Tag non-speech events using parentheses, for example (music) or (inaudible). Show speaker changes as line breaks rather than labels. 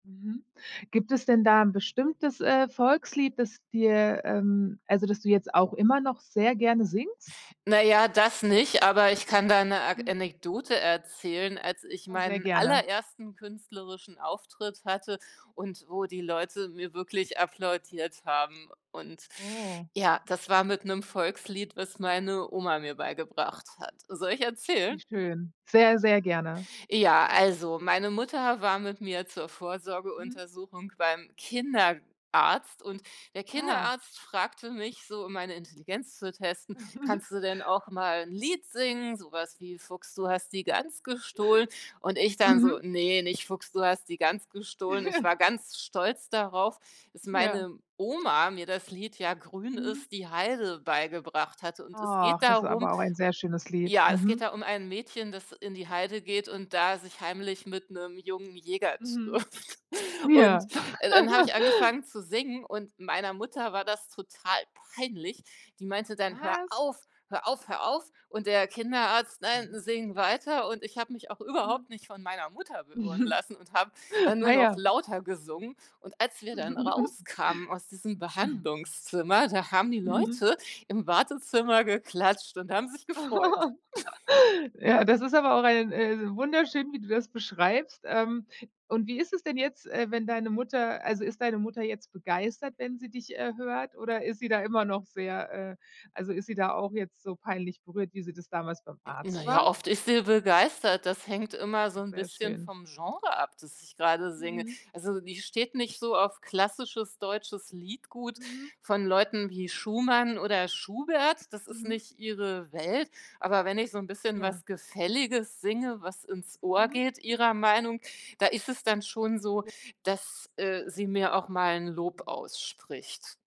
Mhm. Gibt es denn da 'n bestimmtes, äh, Volkslied, das dir, ähm also, das du jetzt auch immer noch sehr gerne singst?
Na ja, das nicht, aber ich kann da 'ne Ag
Mhm.
Anekdote erzählen. Als ich
Ja, sehr
meinen
gerne.
allerersten künstlerischen Auftritt hatte und wo die Leute mir wirklich applaudiert haben und
Oh.
ja, das war mit 'nem Volkslied, was meine Oma mir beigebracht hat. Soll ich
Wie
erzählen?
schön. Sehr, sehr gerne.
Ja, also, meine Mutter war mit mir zur
Mhm.
Vorsorgeuntersuchung beim Kinderarzt und der
Ah.
Kinderarzt fragte mich so, um meine Intelligenz zu testen:
(chuckles)
„Kannst du denn auch mal 'n Lied singen, so was wie ‚Fuchs, du hast die Gans gestohlen?'“ Und ich dann so:
Mhm.
„Ne, nicht ‚Fuchs, du hast die Gans gestohlen.'“ Und ich
(chuckles)
war ganz stolz darauf, dass
Ja.
meine Oma mir das Lied „Ja, grün
Mhm.
ist die Heide” beigebracht hatte. Und es geht
Ach, das ist
darum
aber auch ein sehr schönes Lied,
ja, es geht
mhm.
da um ein Mädchen, das in die Heide geht und da sich heimlich mit 'nem jungen Jäger
Mhm.
trifft. Und,
Ja.
äh, dann habe ich
(chuckles)
angefangen zu singen und meiner Mutter war das total peinlich. Die meinte dann: „Hör
Was?
auf, hör auf, hör auf.“ Und der Kinderarzt: „Nein,
Hm.
sing weiter.“ Und ich habe mich auch
Mhm.
überhaupt nicht von meiner Mutter beirren
Mhm.
lassen und habe dann nur
Ah
noch
ja.
lauter gesungen. Und als wir dann
(chuckles)
rauskamen aus diesem
(chuckles)
Behandlungszimmer, da haben die
Mhm.
Leute im Wartezimmer geklatscht und haben sich gefreut.
(chuckles)
(chuckles)
Ja, das ist aber auch, ein, äh wunderschön, wie du das beschreibst, ähm, und wie ist es denn jetzt, äh, wenn deine Mutter also, ist deine Mutter jetzt begeistert, wenn sie dich, äh, hört oder ist sie da immer noch sehr, äh also, ist sie da auch jetzt so peinlich berührt, wie sie das damals beim
Hm, na
Arzt
ja,
war?
oft ist sie begeistert, das hängt immer so 'n
Sehr
bisschen
schön.
vom Genre ab, das ich grade singe.
Mhm.
Also, die steht nicht so auf klassisches deutsches Liedgut
Mhm.
von Leuten wie Schumann oder Schubert, das ist
Mhm.
nicht ihre Welt, aber wenn ich so 'n bisschen
Ja.
was Gefälliges singe, was ins Ohr
Mhm.
geht ihrer Meinung, da ist es dann schon so,
(unintelligible)
dass, äh, sie mir auch mal 'n Lob ausspricht.